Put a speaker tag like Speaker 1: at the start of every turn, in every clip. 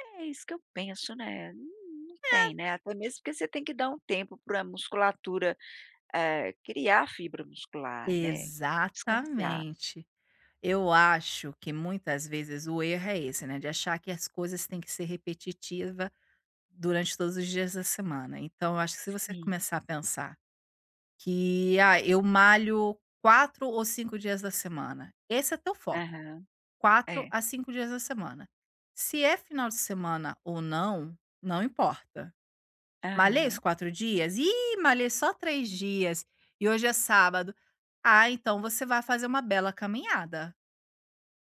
Speaker 1: É, isso que eu penso, né, não
Speaker 2: É.
Speaker 1: tem, né, até mesmo porque você tem que dar um tempo para musculatura, eh, criar fibra muscular né, descansar.
Speaker 2: Exatamente, eu acho que muitas vezes o erro é esse, né, de achar que as coisas têm que ser repetitiva durante todos os dias da semana. Então eu acho que se você
Speaker 1: Sim.
Speaker 2: começar a pensar que: "Ah, eu malho 4 ou 5 dias da semana", esse é teu foco,
Speaker 1: Aham,
Speaker 2: 4
Speaker 1: é.
Speaker 2: a 5 dias da semana. Se é final de semana ou não, não importa. Malhei os
Speaker 1: Aham.
Speaker 2: 4 dias? "Ih, malhei só 3 dias, e hoje é sábado". Ah então você vai fazer uma bela caminhada.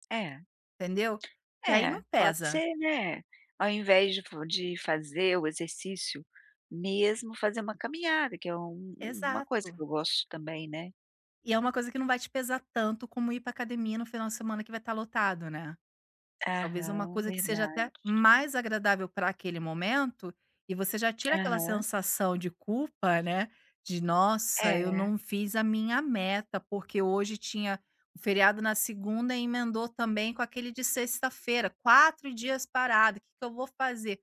Speaker 1: É.
Speaker 2: Entendeu? E aí
Speaker 1: Eh,
Speaker 2: não
Speaker 1: pode
Speaker 2: pesa.
Speaker 1: ser, né, ao invés de de fazer o exercício mesmo fazer uma caminhada que é uma uma coisa que
Speaker 2: Exato.
Speaker 1: eu gosto também, né.
Speaker 2: E é uma coisa que não vai te pesar tanto como ir para academia no final de semana que vai estar lotado, né. Talvez uma
Speaker 1: Aham,
Speaker 2: coisa que seja até
Speaker 1: verdade.
Speaker 2: mais agradável para aquele momento, e você já tira aquela
Speaker 1: Aham.
Speaker 2: sensação de culpa, né, de: "Nossa eu
Speaker 1: É.
Speaker 2: não fiz a minha meta, porque hoje tinha o feriado na segunda emendou também com aquele de sexta-feira, 4 dias parado, que que eu vou fazer?"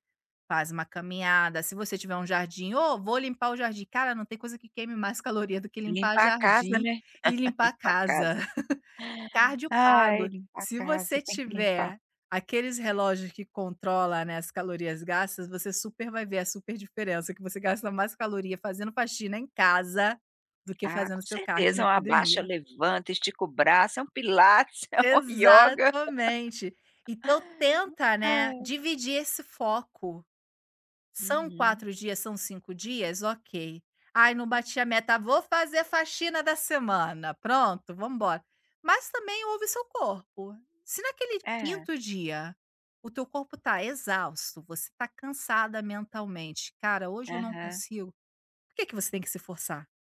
Speaker 2: Faz uma caminhada, se você tiver um jardim, ou "Vou limpar o jardim", cara não tem coisa que mais caloria do que limpar
Speaker 1: Limpar a casa,
Speaker 2: jardim
Speaker 1: né.
Speaker 2: e limpar
Speaker 1: Limpar a
Speaker 2: casa.
Speaker 1: casa.
Speaker 2: Cardio
Speaker 1: Ai,
Speaker 2: pago,
Speaker 1: limpar a
Speaker 2: se
Speaker 1: casa,
Speaker 2: você
Speaker 1: tem que limpar.
Speaker 2: tiver aqueles relógios que controla né as calorias gastas você super vai ver a super diferença que você gasta mais caloria fazendo faxina em casa, do que
Speaker 1: Ah,
Speaker 2: fazendo
Speaker 1: com
Speaker 2: seu cardio
Speaker 1: certeza é
Speaker 2: na
Speaker 1: um abaixa,
Speaker 2: academia.
Speaker 1: levanta, estica o braço é um pilates, é um ioga.
Speaker 2: Exatamente. Então tenta né,
Speaker 1: Ah.
Speaker 2: dividir esse foco. São
Speaker 1: Uhum.
Speaker 2: 4 dias, são 5 dias, ok. "Ai não bati a meta, vou fazer faxina da semana", pronto, vamos embora. Mas também ouve seu corpo. Se naquele
Speaker 1: É
Speaker 2: 5º dia, o teu corpo tá exausto, você tá cansada mentalmente, cara, hoje eu não
Speaker 1: Aham
Speaker 2: consigo. Por que que você tem que se forçar?